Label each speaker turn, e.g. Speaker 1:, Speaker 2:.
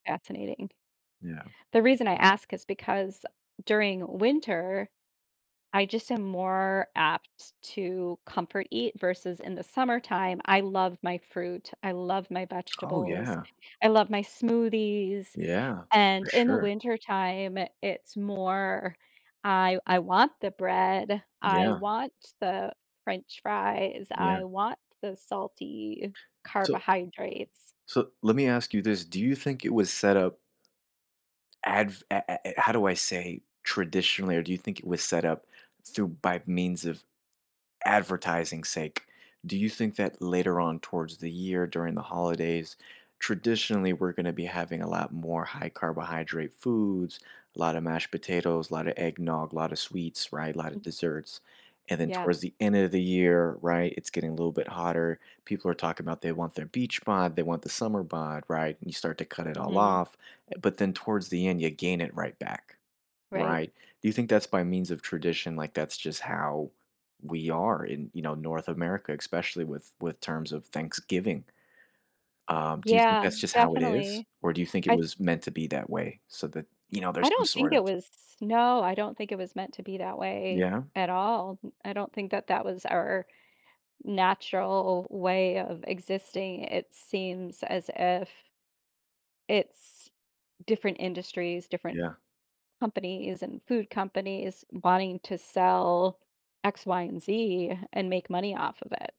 Speaker 1: Fascinating.
Speaker 2: Yeah.
Speaker 1: The reason I ask is because during winter, I just am more apt to comfort eat versus in the summertime; I love my fruit, I love my
Speaker 2: Oh
Speaker 1: vegetables,
Speaker 2: yeah.
Speaker 1: I love my smoothies.
Speaker 2: Yeah. For
Speaker 1: And, in the
Speaker 2: sure.
Speaker 1: wintertime, it's more; I I want the bread, I
Speaker 2: Yeah.
Speaker 1: want the french fries,
Speaker 2: Yeah.
Speaker 1: I want the salty
Speaker 2: So
Speaker 1: carbohydrates.
Speaker 2: So, let me ask you this, do you think it was set up adv a a how do I say, traditionally? Or do you think it was set up through by means of advertising sake? Do you think that later on towards the year during the holidays, traditionally, we're gonna be having a lot more high carbohydrate foods; a lotta mashed potatoes, lotta eggnog, lotta sweets, right, lotta
Speaker 1: M
Speaker 2: desserts. And then
Speaker 1: Yeah.
Speaker 2: towards the end of the year, right, it's getting a little bit hotter, people are talking about, "They want their beach bod, they want the summer bod," right? And you start to cut it all
Speaker 1: Mhm.
Speaker 2: off, e but then towards the end, you gain it right back.
Speaker 1: Right.
Speaker 2: Right? Do you think that's by means of tradition? Like, that's just how we are in, you know, North America, especially with with terms of Thanksgiving. Um, do you think
Speaker 1: Yeah,
Speaker 2: that's just how it is?
Speaker 1: definitely.
Speaker 2: Or do you think it
Speaker 1: I
Speaker 2: was meant to be that way, so that, you know,
Speaker 1: I
Speaker 2: there's some
Speaker 1: don't think
Speaker 2: sort of
Speaker 1: it was no, I don't think it was meant to be that way
Speaker 2: Yeah?
Speaker 1: at all, m I don't think that that was our natural way of existing, it seems as if it's different industries, different
Speaker 2: Yeah.
Speaker 1: companies, and food companies wanting to sell X, Y, and Z, and make money off of it.